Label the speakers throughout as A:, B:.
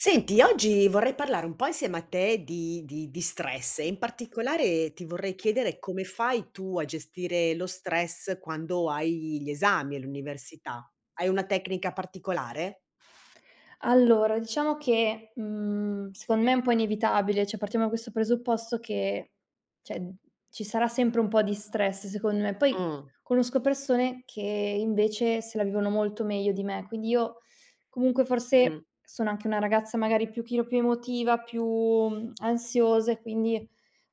A: Senti, oggi vorrei parlare un po' insieme a te di di di stress e, in particolare, ti vorrei chiedere come fai tu a gestire lo stress quando hai gli esami all'università? Hai una tecnica particolare?
B: Allora diciamo che, mhmm, secondo me è un po' inevitabile, cioè partiamo da questo presupposto che, cioè, ci sarà sempre un po' di stress, secondo me. Poi,
A: Mh.
B: conosco persone che, invece, se la vivono molto meglio di me. Quindi io comunque, forse,
A: Mh.
B: sono anche una ragazza, magari, un pochino più emotiva, più, mhmm, ansiosa e quindi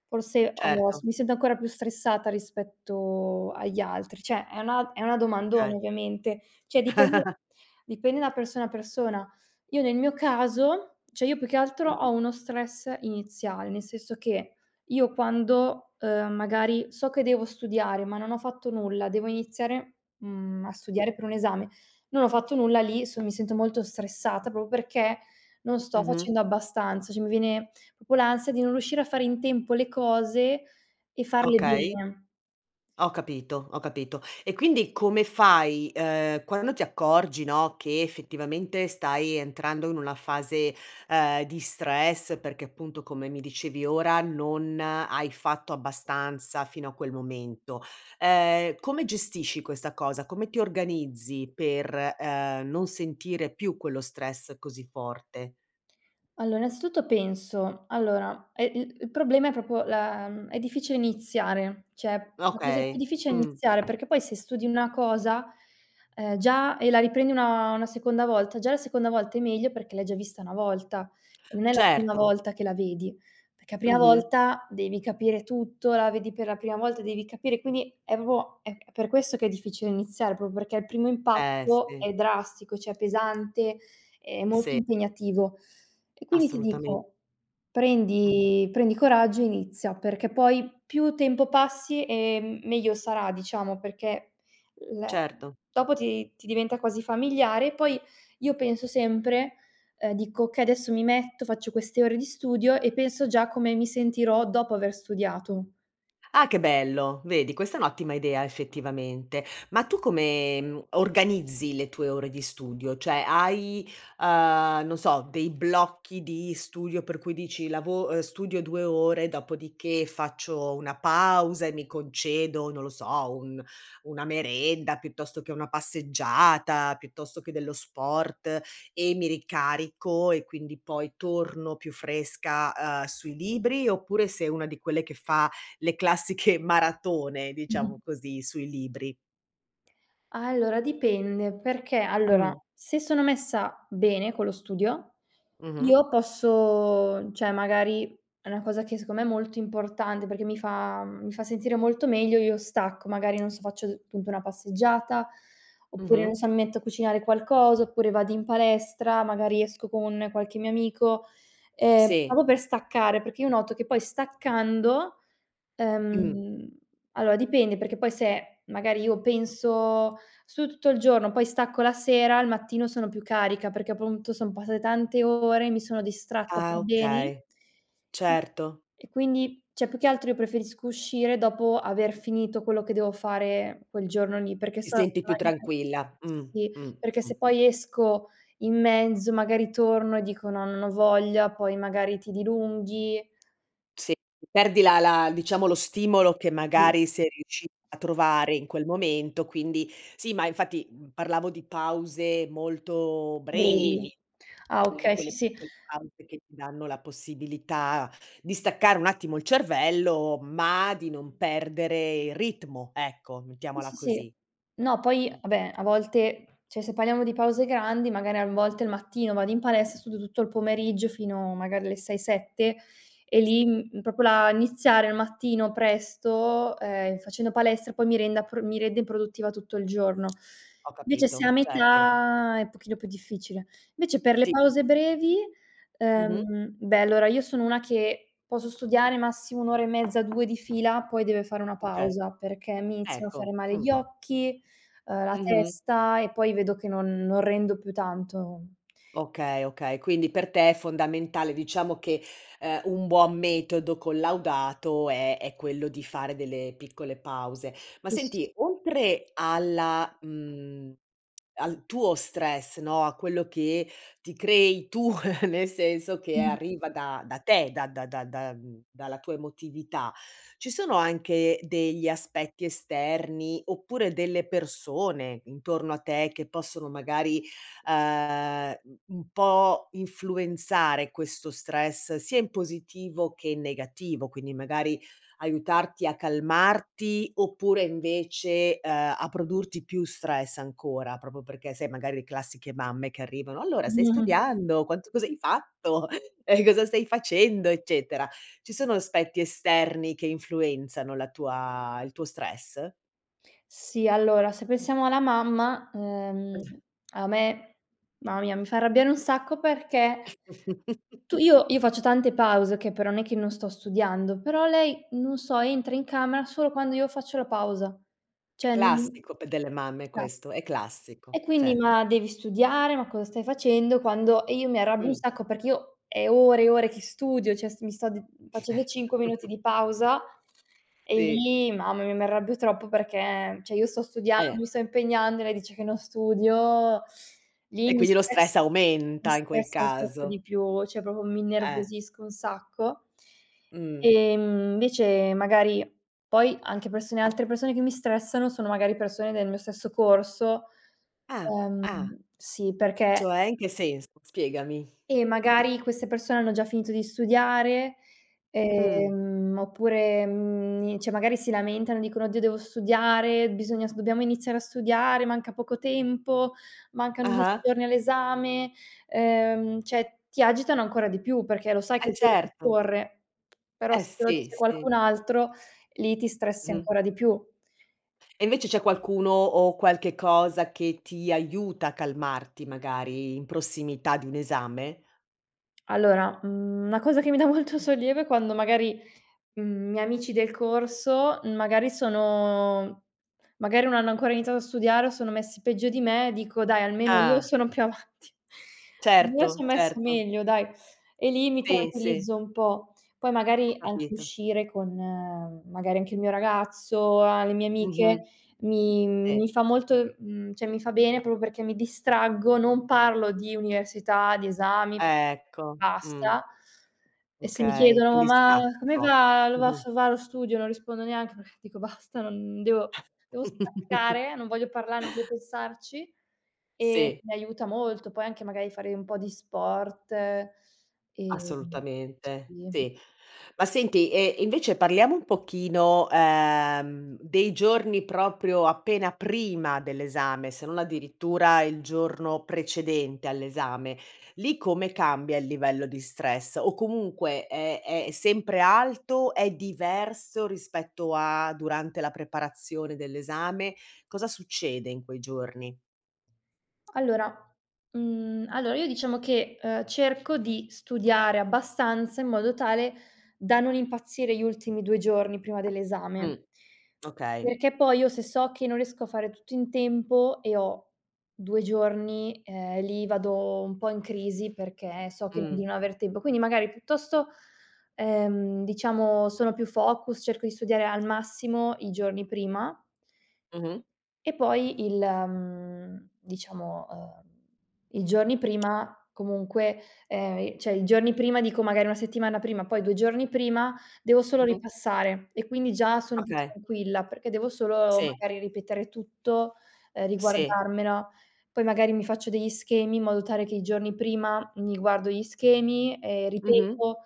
B: forse ho s
A: Certo.
B: mi sento ancora più stressata rispetto agli altri. Cioè, è una è una domandona
A: Okay.
B: ovviamente. Cioè, dipende dipende da persona a persona. Io nel mio caso cioè, io più che altro
A: Mh-mh.
B: ho uno stress iniziale, nel senso che io quando, ehm, magari so che devo studiare ma non ho fatto nulla, devo iniziare, mhmm, a studiare per un esame, non ho fatto nulla. Lì, son mi sento molto stressata, proprio perché non sto
A: Mh-mh.
B: facendo abbastanza. Cioè, mi viene proprio l'ansia di non riuscire a fare in tempo le cose e farle
A: Okay.
B: bene.
A: Ho capito, ho capito. E quindi come fai, uhm, quando ti accorgi, no, che effettivamente stai entrando in una fase, uhm, di stress perché appunto come mi dicevi ora non hai fatto abbastanza fino a quel momento. Ehm, come gestisci questa cosa? Come ti organizzi per, uhm, non sentire più quello stress così forte?
B: Allora, innanzitutto, penso allora, è l il problema è proprio la è difficile iniziare. Cioè, la cosa più
A: Okay,
B: difficile è
A: mh.
B: iniziare, perché poi se studi una cosa, ehm, già e la riprendi una una seconda volta, già la seconda volta è meglio, perché l'hai già vista una volta. Non è la prima
A: Certo.
B: volta che la vedi. Perché a prima
A: Mh-mh.
B: volta devi capire tutto, la vedi per la prima volta, devi capire. Quindi è proprio è è per questo che è difficile iniziare, proprio perché il primo
A: Eh,
B: impatto è
A: sì.
B: drastico, cioè pesante, è molto
A: Sì.
B: impegnativo e quindi ti
A: Assolutamen
B: dico,
A: Mh.
B: prendi prendi coraggio e inizia. Perché poi, più tempo passi e m meglio sarà, diciamo, perché le
A: Certo.
B: dopo ti ti diventa quasi familiare e poi io penso sempre uhm dico: "Okay, adesso mi metto, faccio queste ore di studio". E penso già come mi sentirò dopo aver studiato.
A: Ah, che bello! Vedi, questa è un'ottima idea effettivamente. Ma tu come, mhmm, organizzi le tue ore di studio? Cioè, hai, uhm, non so dei blocchi di studio per cui dici: lavo uhm, studio 2 ore, dopodiché faccio una pausa e mi concedo, non lo so, un una merenda, piuttosto che una passeggiata, piuttosto che dello sport e mi ricarico e quindi poi torno più fresca, uhm, sui libri oppure sei una di quelle che fa le classiche maratone,
B: Mh-mh.
A: diciamo così, sui libri.
B: Allora, dipende. Perché, allora,
A: Mh.
B: se sono messa bene con lo studio,
A: Mh-mh.
B: io posso cioè, magari è una cosa che secondo me è molto importante, perché mi fa mhmm, mi fa sentire molto meglio. Io stacco, magari non so, faccio punto una passeggiata, oppure, non
A: Mh-mh.
B: so, mi metto a cucinare qualcosa, oppure vado in palestra, magari esco con qualche mio amico, ehm,
A: Sì.
B: proprio per staccare. Perché io noto che poi staccando,
A: Mh.
B: ehm allora, dipende perché poi se, magari, io penso: "Studio tutto il giorno, poi stacco la sera, al mattino sono più carica", perché appunto son passate tante ore, mi sono distratta per
A: Ah,
B: beni
A: okay. Certo.
B: e quindi cioè più che altro io preferisco uscire dopo aver finito quello che devo fare quel giorno lì, perché
A: Ti
B: so
A: senti più
B: [unintelligible]
A: tranquilla. Mh,
B: sì,
A: mh,
B: perché se
A: mh.
B: poi esco in mezzo, magari torno e dico: "No, non ho voglia." Poi magari ti dilunghi
A: Sì, perdi la la diciamo, lo stimolo che,
B: Sì.
A: magari, sei riusci a trovare in quel momento, quindi sì, ma infatti parlavo di pause molto brevi.
B: [unintelligible] Ah,
A: Quelle
B: okay, sì,
A: quelle
B: sì.
A: piccole pause che ti danno la possibilità di staccare un attimo il cervello, ma di non perdere il ritmo. Ecco,
B: Sì,
A: mettiamola
B: sì, sì.
A: così.
B: No, poi,
A: Mh.
B: vabbè, a volte cioè se parliamo di pause grandi, magari a n volte il mattino vado in palestra e studio tutto il pomeriggio fino magari alle 6-7 e
A: Sì.
B: lì, mhmm, proprio la iniziare al mattino presto, ehm, facendo palestra poi mi renda pr mi rende produttiva tutto il giorno.
A: Ho
B: Vece se è a
A: capito. Certo.
B: metà, è pochino più difficile. Vece per le
A: Sì.
B: pause brevi
A: Mh-mh.
B: ehm, beh allora io sono una che posso studiare massimo 1 ora e mezza, 2 di fila, poi deve fare una
A: Okay.
B: pausa, perché mi iniziano a fare
A: Ecco,
B: male
A: mh.
B: gli occhi, ehm, la
A: Mh-mh.
B: testa e poi vedo che non non rendo più tanto.
A: Okay, okay. Quindi per te è fondamentale diciamo che, uhm, un buon metodo collaudato è è quello di fare delle piccole pause. Ma
B: Sì, sì, sì.
A: senti, oltre alla mhmm, al tuo stress, no, a quello che ti crei tu nel senso che
B: Mh.
A: arriva da da te, da da da da mhmm, dalla tua emotività. Ci sono anche degli aspetti esterni, oppure delle persone intorno a te che possono magari, uhm, mhmm, un po' influenzare questo stress sia in positivo che in negativo? Quindi, magari aiutarti a calmarti oppure invece, uhm, a produrti più stress ancora, proprio perché sai magari le classiche mamme che arrivano: "Allora, stai studiando? Quanto cos'hai fatto? Eh, cosa stai facendo?" Eccetera. Ci sono aspetti esterni che influenzano la tua il tuo stress?
B: Sì. Allora, se pensiamo alla mamma, ehm,
A: [unintelligible]
B: a me ma mia, mi fa arrabbiare un sacco, perché tu io io faccio tante pause, okay, però nè che non sto studiando. Però lei, non so, entra in camera solo quando io faccio la pausa. Cioè, n
A: Classico p delle mamme
B: [unintelligible]
A: questo. È
B: E
A: classico.
B: quindi:
A: Cioè
B: "Ma devi studiare! Ma cosa stai facendo?" Quando e io mi arrabbio un
A: Mh.
B: sacco perché io è ore e ore che studio. Cioè, s mi sto d facendo 5 minuti di pausa e
A: Sì.
B: lì mamma mia mi arrabbio troppo, perché, cioè, io sto studiando,
A: Eh.
B: mi sto impegnando e lei dice che non studio, lì,
A: E
B: mi
A: quindi lo stress
B: stressa, mi
A: aumenta in quel
B: stressa [unintelligible]
A: caso.
B: di più, cioè, proprio mi
A: Eh.
B: innervosisco un sacco.
A: Mh.
B: Ehm, invece, magari poi anche persone altre persone che mi stressano sono, magari, persone del mio stesso corso
A: Ah.
B: Ehm,
A: Ah.
B: sì perché
A: Cioè, in che senso, spiegami.
B: eh, magari queste persone hanno già finito di studiare,
A: Mh.
B: ehm, oppure, mhmm, ni cioè, magari si lamentano e dicono: "Oddio, devo studiare!"; "Bisogna s dobbiamo iniziare a studiare, manca poco tempo, mancano 10
A: Ah-ah.
B: giorni all'esame." Uhm, cioè, ti agitano ancora di più, perché lo sai che
A: Eh,
B: il tep
A: certo.
B: corre, però
A: Eh,
B: se te lo
A: sì,
B: dice
A: sì.
B: qualcun altro, lì ti stressi
A: Mh.
B: ancora di più.
A: E invece c'è qualcuno o qualche cosa che ti aiuta a calmarti, magari, in prossimità di un esame?
B: Allora, mhmm, una cosa che mi dà molto sollievo è quando, magari, mhmm, miei amici del corso, magari sono magari non hanno ancora iniziato a studiare o sono messi peggio di me, dico: "Dai, almeno io
A: Ah.
B: sono più avanti." "Io
A: Certo,
B: son messa
A: certo.
B: meglio, dai!" e lì mi
A: Sì, sì.
B: tranquillizzo un po'. Poi,
A: Ho
B: magari, anche
A: capito.
B: uscire con, magari, anche il mio ragazzo, a le mie amiche
A: Mh-mh.
B: mi
A: Sì.
B: mi fa molto mhmm, cioè mi fa bene proprio perché mi distraggo, non parlo di università, di esami,
A: Ecco, mh.
B: basta. E se mi
A: Okay,
B: chiedono:
A: quindi
B: "Ma
A: stacchi
B: come
A: propr
B: va lo va
A: mh-mh.
B: s va lo studio?" Non rispondo neanche, perché dico: "Basta, non devo devo staccare, non voglio parlare, non vo pensarci." E
A: Sì.
B: mi aiuta molto. Poi anche magari fare un po' di sport e, mhmm,
A: Assolutamente,
B: sì.
A: sì. Ma senti, ehm, invece, parliamo un pochino, ehm, dei giorni proprio appena prima dell'esame, se non addirittura il giorno precedente all'esame. Lì, come cambia il livello di stress, o comunque è è sempre alto? È diverso rispetto a durante la preparazione dell'esame? Cosa succede in quei giorni?
B: Allora mhmm, allora io diciamo che, uhm, cerco di studiare abbastanza, in modo tale da non impazzire gli ultimi 2 giorni prima dell'esame.
A: Mh, okay.
B: Perché poi, io se so che non riesco a fare tutto in tempo e ho 2 giorni, ehm, lì vado un po' in crisi perché so che non di
A: Mh.
B: non aver tempo. Quindi, magari piuttosto ehm, diciamo sono più focus, cerco di studiare al massimo i giorni prima.
A: Mh-mh.
B: E poi il mhmm, diciamo, ehm, i giorni prima comunque ehm, i cioè i giorni prima dico magari una settimana prima, poi 2 giorni prima devo solo
A: Mh-mh.
B: ripassare e quindi già sono più
A: Okay.
B: tranquilla, perché devo solo,
A: Sì.
B: magari, ripetere tutto, ehm
A: Sì.
B: riguardarmela. Poi, magari, mi faccio degli schemi, in modo tale che i giorni prima mi guardo gli schemi e
A: Mh-mh.
B: ripeto,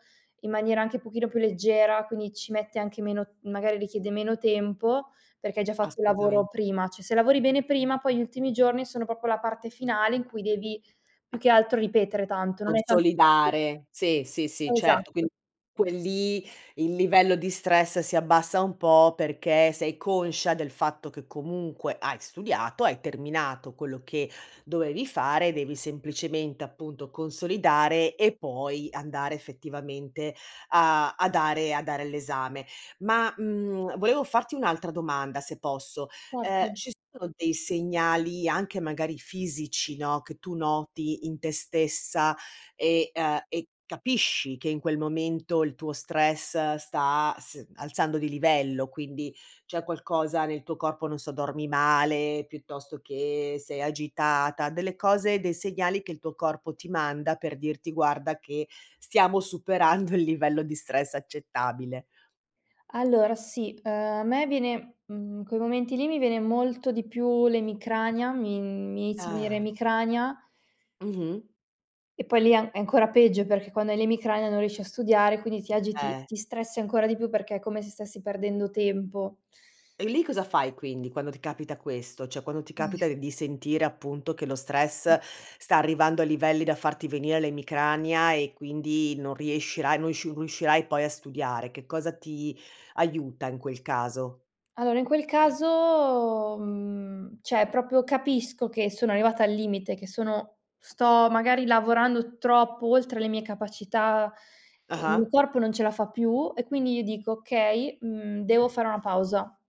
B: in maniera anche pochino più leggera. Quindi, ci mette anche meno magari richiede meno tempo, perché hai già fatto un lavoro
A: Assolutamente.
B: prima. Cioè, se lavori bene prima, poi gli ultimi giorni sono proprio la parte finale in cui devi, più che altro, ripetere tanto, non è ta [unintelligible]
A: Consolidare. Sì, sì, sì, certo. Quindi
B: Esatto!
A: quel lì il livello di stress si abbassa un po', perché sei conscia del fatto che, comunque, hai studiato, hai terminato quello che dovevi fare. Devi semplicemente, appunto, consolidare e poi andare effettivamente a a dare a dare l'esame. Ma, mhmm, volevo farti un'altra domanda, se posso: ehm,
B: Parti.
A: ci sono dei segnali, anche magari fisici, no, che tu noti in te stessa e uhm, e capisci che in quel momento il tuo stress sta s alzando di livello? Quindi, c'è qualcosa nel tuo corpo non so, dormi male, piuttosto che sei agitata. Delle cose, dei segnali che il tuo corpo ti manda per dirti: "Guarda che stiamo superando il livello di stress accettabile."
B: Allora, sì. Uhm, a me viene mhmm, in quei momenti lì mi viene molto di più l'emicrania. Mi mi inizia a venire
A: Ah.
B: emicrania
A: Mh-mh.
B: e poi lì è an è ancora peggio, perché quando hai l'emicrania non riesci a studiare. Quindi ti agiti,
A: Eh.
B: ti stressi ancora di più, perché è come se stessi perdendo tempo.
A: E lì cosa fai quindi, quando ti capita questo? Cioè, quando ti
B: Eh.
A: capita d di sentire appunto che lo stress sta arrivando a livelli da farti venire l'emicrania e quindi non riuscirai non sciu riuscirai poi a studiare. Che cosa ti aiuta in quel caso?
B: Allora, in quel caso, mhmm, cioè, proprio capisco che sono arrivata al limite, che sono sto, magari, lavorando troppo oltre le mie capacità, il mio
A: Ah-ah.
B: corpo non ce la fa più e quindi io dico: "Okay, mhmm, devo fare una pausa,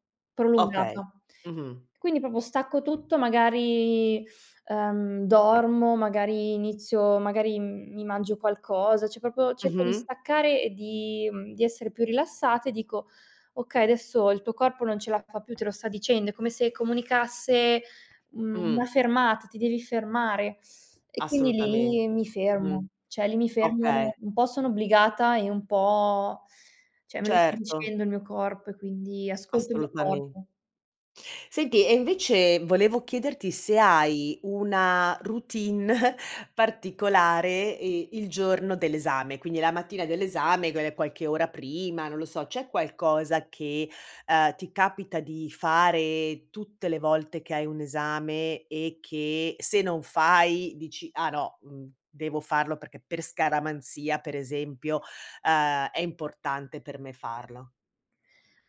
A: Okay.
B: prolungata."
A: Mh-mh.
B: Quindi, proprio stacco tutto, magari, uhm, dormo, magari inizio magari m mi mangio qualcosa, cioè proprio cerco di
A: Mh-mh.
B: staccare e di mhmm, di essere più rilassata e dico: "Okay, adesso il tuo corpo non ce la fa più. Te lo sta dicendo. È come se comunicasse, mhmm,
A: Mh.
B: una fermata. Ti devi fermare." E quindi
A: Assolutamente,
B: lì mi
A: mh-mh.
B: fermo. Cioè, lì mi fermo
A: Okay.
B: un po' sono obbligata e un po' cioè, me lo sta
A: Certo.
B: dicendo il mio corpo, e quindi ascolto il mio
A: Assolutame
B: corpo.
A: Senti, e invece volevo chiederti se hai una routine particolare e il giorno dell'esame. Quindi la mattina dell'esame gue qualche ora prima, non lo so, c'è qualcosa che, uhm, ti capita di fare tutte le volte che hai un esame e che, se non fai, dici: "Ah no, mhmm, devo farlo perché per scaramanzia per esempio, uhm, è importante per me farlo"?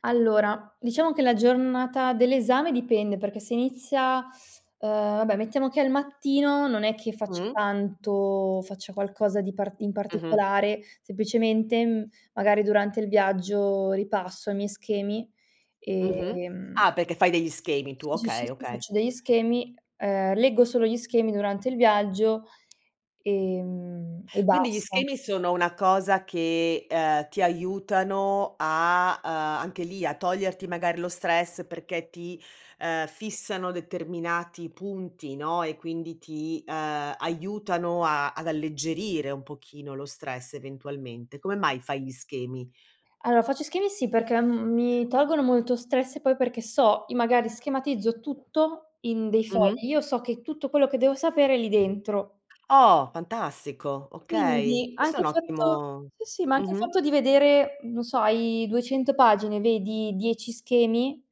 B: Allora, diciamo che la giornata dell'esame dipende. Perché se inizia ehm, vabbè mettiamo che è al mattino, non è che faccia
A: Mh.
B: tanto faccia qualcosa di part in
A: Mh-mh.
B: particolare. Semplicemente, mhmm, magari durante il viaggio ripasso i miei schemi e,
A: Mh-mh.
B: mhmm
A: Ah, perché fai degli schemi tu. Okay,
B: [unintelligible]
A: okay.
B: faccio degli schemi. Uhm, leggo solo gli schemi durante il viaggio e mhmm, e
A: Quindi gli
B: basta.
A: schemi sono una cosa che, ehm, ti aiutano a uhm, anche lì, a toglierti magari lo stress perché ti, uhm, fissano determinati punti, no, e quindi ti, uhm, aiutano a ad alleggerire un pochino lo stress, eventualmente. Come mai fai gli schemi?
B: Allora, faccio schemi, sì, perché m mi tolgono molto stress e poi perché so i magari schematizzo tutto in dei
A: Mh-mh.
B: fogli. Io so che tutto quello che devo sapere è lì dentro.
A: Oh, fantastico! Okay,
B: Quindi,
A: questo è
B: anche
A: un
B: il fatto
A: ottimo
B: sì, sì, ma anche il
A: Mh-mh.
B: fatto di vedere, non so, hai 200 pagine, vedi 10 schemi,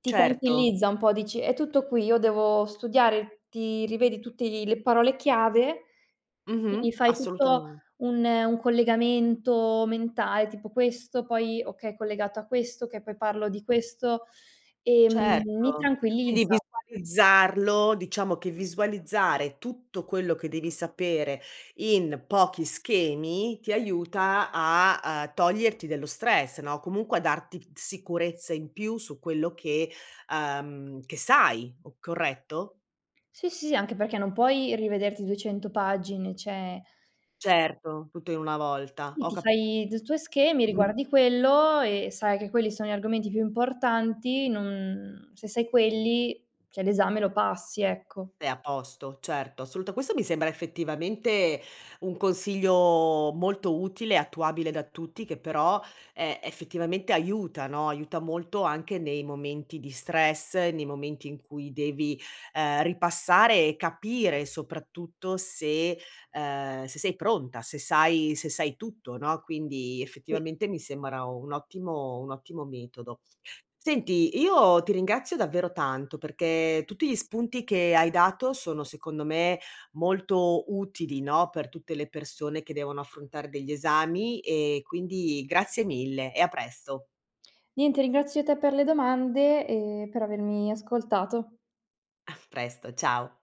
B: ti
A: Certo.
B: tranquillizza un po'. Dici: "È tutto qui." Io devo studiare ti rivedi tutti gli le parole chiave,
A: Mh-mh,
B: quindi, fai tutto
A: assolutamen
B: un un collegamento mentale, tipo: "Questo, poi, okay, collegato a questo, che poi parlo di questo"; e, mhmm, mi
A: Certo! Quindi
B: tranquillizza.
A: visualizzarlo diciamo che visualizzare tutto quello che devi sapere in pochi schemi ti aiuta a uhm, toglierti dello stress, no, comunque a darti t sicurezza in più su quello che uhm, che sai, o corretto?
B: Sì, sì, anche perché non puoi rivederti 200 pagine, cioè
A: Certo, tutto in una volta,
B: Sì,
A: ho
B: ti
A: ca
B: fai d tuoi schemi,
A: mh-mh.
B: riguardi quello e sai che quelli sono gli argomenti più importanti. Non se sai quelli, cioè, l'esame lo passi, ecco.
A: È a posto, certo. Assoluta questo mi sembra, effettivamente, un consiglio molto utile, attuabile da tutti che però, ehm, effettivamente aiuta, no, aiuta molto anche nei momenti di stress, nei momenti in cui devi, ehm, ripassare e capire soprattutto se ehm, se sei pronta, se sai se sai tutto, no, quindi,
B: Sì.
A: effettivamente mi sembra un ottimo un ottimo metodo. Senti, io ti ringrazio davvero tanto, perché tutti gli spunti che hai dato sono, secondo me, molto utili, no, per tutte le persone che devono affrontare degli esami e quindi grazie mille e a presto.
B: Niente, ringrazio te per le domande e per avermi ascoltato.
A: A presto, ciao.